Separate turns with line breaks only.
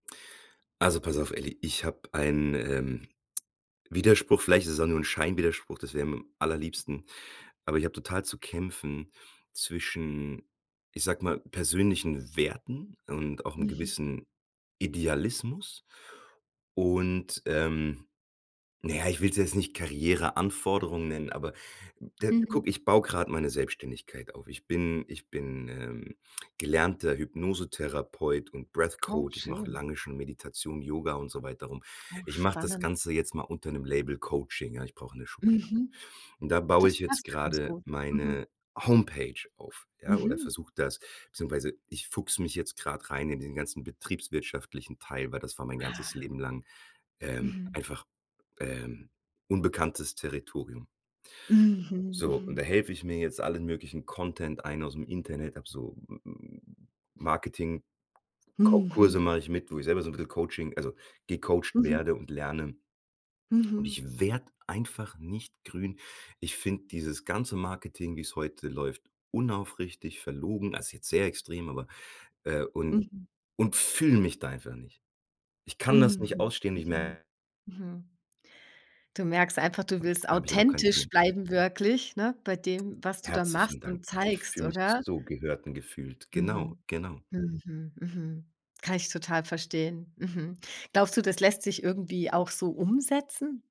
Also, pass auf, Elli, ich habe einen, ähm, Widerspruch, vielleicht ist es auch nur 'n Scheinwiderspruch, das wäre mir am allerliebsten. Aber ich habe total zu kämpfen zwischen, ich sage mal, persönlichen Werten und auch 'nem
Mhm.
gewissen Idealismus. Und, ähm, na ja, ich will's jetzt nicht Karriereanforderung nennen, aber, de
Mhm.
guck, ich baue gerade meine Selbstständigkeit auf. Ich bin ich bin, ähm, gelernter Hypnosetherapeut und Breath
Oh,
Coach. Ich mache
schön.
lange schon Meditation, Yoga und so weiter rum.
Oh,
Ich mache das
spannend.
Ganze jetzt mal unter 'nem Label Coaching, ja? Ich brauche 'ne Schublade.
Mhm.
Und da baue ich
Das
jetzt
passt ja ganz
gerade
gut. Mhm.
meine Homepage auf, ja? Oder
Mhm.
versuche das beziehungsweise ich fuchse mich jetzt grad rein in den ganzen betriebswirtschaftlichen Teil, weil das war mein ganzes
Ah.
Leben lang, ähm,
Mhm.
einfach, ähm, unbekanntes Territorium.
Mhm.
So, und
Mhm.
da helfe ich mir jetzt allen möglichen Content ein ausm Internet, habe so m m m Marketing-Coa Kurse
Mhm.
mache ich mit, wo ich selber so 'n bisschen Coaching also, gecoacht
Mhm.
werde und lerne. Und
Mhm.
ich werde einfach nicht grün. Ich finde dieses ganze Marketing, wie's heute läuft, unaufrichtig, verlogen, also, ist jetzt sehr extrem, aber äh, und
Mhm.
und fühle mich da einfach nicht. Ich kann das nicht
Mhm.
ausstehen, ich
Mhm.
mer
Mhm. Du merkst einfach, du willst
Habe ich halt auch keine
authentisch
Klient
bleiben wirklich, ne? Bei dem, was du da
Herzlichen
machst
Dank.
und
Ich
zeigst,
fühle mich
oder?
so gehört und gefühlt. Genau,
Mhm.
genau.
Mhm. Mhm. Kann ich total verstehen. Mhm. Glaubst du, das lässt sich irgendwie auch so umsetzen?